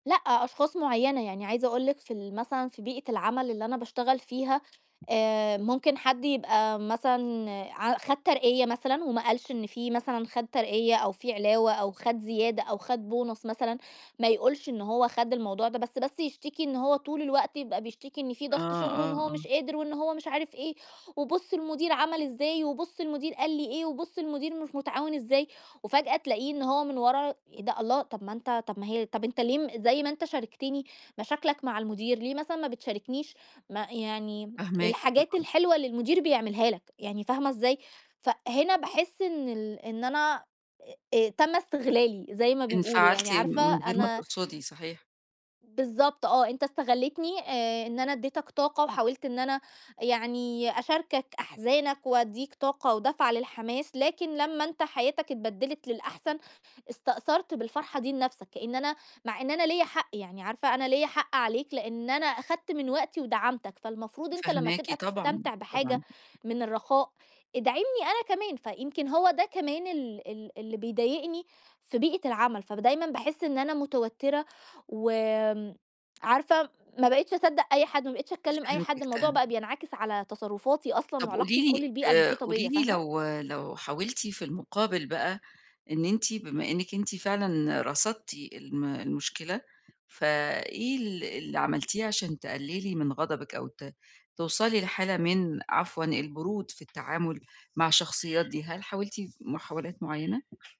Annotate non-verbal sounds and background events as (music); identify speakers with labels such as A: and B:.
A: لأ، أشخاص مُعيّنة، يعني عايزة أقول لِك في ال مثلًا، في بيئة العمل اللي أنا باشتغل فيها، آآ ممكن حد يبقى مثلًا ع خَد ترقية مثلًا، وما قالش إن فيه مثلًا خَد ترقية أو فيه علاوة أو خَد زيادة أو خَد بونص مثلًا، ما يقولش إن هو خَد الموضوع ده، بس بس يشتكي إن هو طول الوقت يبقى بيشتكي إن فيه
B: آه،
A: ضغط شُغل، وإن
B: آه،
A: هو
B: آه.
A: مش قادر، وإن هو مش عارف إيه، وبُص المدير عمل إزاي، وبُص المدير قال لي إيه، وبُص المدير مش مُتعاون إزاي، وفجأة تلاقيه إن هو من ورا ده الله! طب ما أنت طب ما هي طب أنت ليه م زي ما أنت شاركتني مشاكلك مع المدير، ليه مثلًا ما بتشاركنيش ما يعني
B: فاهماكِ
A: الحاجات
B: طبعًا.
A: الحلوة اللي المدير بيعملها لك! يعني فاهمة إزاي؟ ف هنا باحِسّ إن ال إن أنا آآ آآ تَمّ استغلالي، زي ما بيقولوا يعني
B: انفعلتِ
A: عارفة
B: من غير ما
A: أنا
B: تقصدي، صحيح.
A: بالضبط آه، أنت استَغلِّيتني آآ إن أنا أدِّيتك طاقة، وحاولت إن أنا يعني أشاركك أحزانك وأدِّيك طاقة ودفعة للحماس، لكن لمّا أنت حياتك اتبدلت للأحسن، استأثرت بالفرحة دي لنفسك، كأن أنا مع إن أنا ليّا حق، يعني عارفة أنا ليّا حق عليك، لإن أنا أخدت من وقتي ودعمتك، فالمفروض أنت لمّا
B: فاهماكِ
A: تبقى
B: طبعًا،
A: تستمتع بحاجة
B: طبعًا.
A: من الرَّخاء، ادعمني أنا كمان، فيمكن هو ده كمان ال ال اللي بيضايقني في بيئة العمل، فدايمًا باحِسّ إن أنا متوتّرة وآمم، عارفة ما بقيتش أصدَّق أي حد، ما بقيتش أتكلِّم أي حد،
B: فهمتِك،
A: الموضوع
B: (unintelligible)
A: بقى بينعكس على تصرُّفاتي أصلًا
B: طب
A: وعلاقتي
B: قولي لي
A: بكُلّ البيئة
B: آآ
A: المُحيطة
B: قولي
A: بيّا،
B: لي
A: فاهمة؟
B: لو لو حاولتِ في المُقابل بَقَى، إن أنتِ بما إنِك أنتِ فعلًا رصدتِ الم المشكلة، ف إيه ال اللي عملتيه عشان تقللي من غضبِك، أو ت توصلي لحالة من عفوًا البرود في التعامُل مع الشخصيات دي، هل حاولتِ محاولات مُعيّنة؟